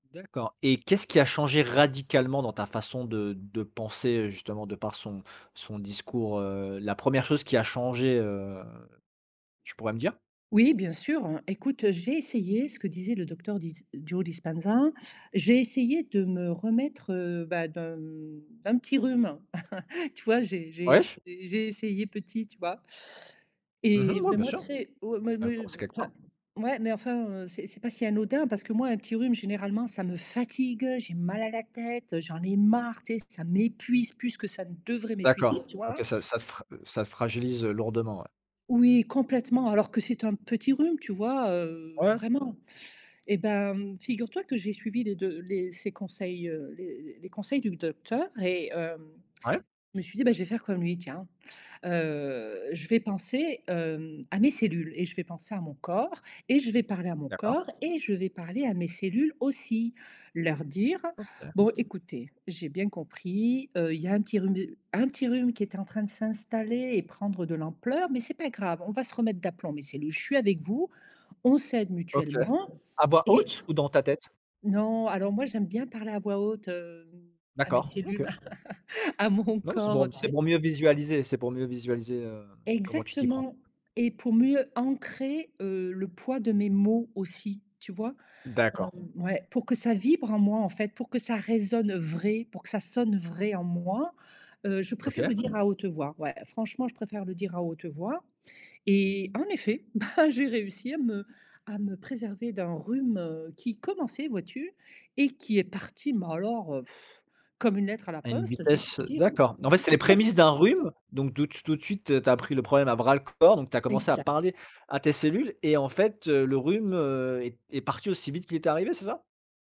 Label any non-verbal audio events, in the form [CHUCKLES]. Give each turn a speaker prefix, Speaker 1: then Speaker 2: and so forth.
Speaker 1: D'accord, et qu'est-ce qui a changé radicalement dans ta façon de de penser, heu, justement, de par son son discours? Heu, la 1re chose qui a changé, heu, tu pourrais me dire?
Speaker 2: Oui, bien sûr, écoute, heu, j'ai essayé ce que disait le docteur Dis Joe Dispenza, j'ai essayé de me remettre, heu, bah, d'un, hem, d'un petit rhume, [CHUCKLES] tu vois? J'ai j'ai essay
Speaker 1: Ouais.
Speaker 2: j'ai essayé petit, tu vois?
Speaker 1: Mmh
Speaker 2: Et
Speaker 1: mh, ouais,
Speaker 2: mais
Speaker 1: bien
Speaker 2: moi, tu
Speaker 1: sûr!
Speaker 2: sais, oh, mais
Speaker 1: Il fallait
Speaker 2: me
Speaker 1: commencer quelque
Speaker 2: enfin,
Speaker 1: part.
Speaker 2: ouais, mais, enfin, heu, c'est c'est pas si anodin, parce que, moi, un petit rhume, généralement, ça me fatigue, heu, j'ai mal à la tête, heu, j'en ai marre, tu sais, ça m'épuise plus que ça ne devrait m'épuiser,
Speaker 1: D'accord,
Speaker 2: tu vois?
Speaker 1: OK, ça ça te ça te fragilise, heu, lourdement, ouais.
Speaker 2: Oui, complètement, alors que c'est un petit rhume, tu vois? Heu,
Speaker 1: Ouais.
Speaker 2: vraiment. Eh ben, figure-toi que j'ai suivi les 2 les ses conseils, heu, les les conseils du docteur et, heu,
Speaker 1: Ouais.
Speaker 2: je me suis dit: «Bah, je vais faire comme lui, tiens. Heu, je vais penser, hem, à mes cellules et je vais penser à mon corps, et je vais parler à mon
Speaker 1: D'accord.
Speaker 2: corps et je vais parler à mes cellules, aussi. Leur dire:
Speaker 1: OK.
Speaker 2: "bon écoutez, j'ai bien compris, heu, il y a un petit rhume de un petit rhume qui est en train de s'installer et prendre de l'ampleur, mais c'est pas grave, on va se remettre d'aplomb, mes cellules, je suis avec vous, on s'aide
Speaker 1: OK.
Speaker 2: mutuellement
Speaker 1: À voix
Speaker 2: et"»
Speaker 1: haute, ou dans ta tête?
Speaker 2: non, alors moi j'aime bien parler à voix haute, hem, à mes
Speaker 1: D'accord, OK.
Speaker 2: cellules, [CHUCKLES] à mon
Speaker 1: Non, c'est pour
Speaker 2: corps, tu
Speaker 1: c'est
Speaker 2: sais?
Speaker 1: pour mieux visualiser c'est pour mieux visualiser, heu, comment tu t'y prends.
Speaker 2: Exactement! Et pour mieux ancrer, heu, le poids de mes mots aussi, tu vois? Hem,
Speaker 1: D'accord.
Speaker 2: ouais, pour que ça vibre en moi, en fait, pour que ça résonne, heu, vrai, pour que ça sonne vrai, en moi, heu, je préfère
Speaker 1: OK.
Speaker 2: le dire à haute voix. Ouais, franchement, je préfère le dire à haute voix et en effet, bah, j'ai réussi à me à me préserver d'un rhume, heu, qui commençait, vois-tu? Et qui est parti, mais alors, [BLOWS AIR] comme une lettre à la
Speaker 1: À une
Speaker 2: poste, si je
Speaker 1: vitesse
Speaker 2: puis
Speaker 1: heu,
Speaker 2: dire.
Speaker 1: d'accord, en fait, c'est les
Speaker 2: [CHUCKLES]
Speaker 1: prémices d'un rhume, donc de tout tout de suite, tu as pris le problème à bras le corps, donc tu as commencé à
Speaker 2: Exact.
Speaker 1: parler à tes cellules et en fait, heu, le rhume, heu, est est parti aussi vite qu'il était arrivé c'est ça?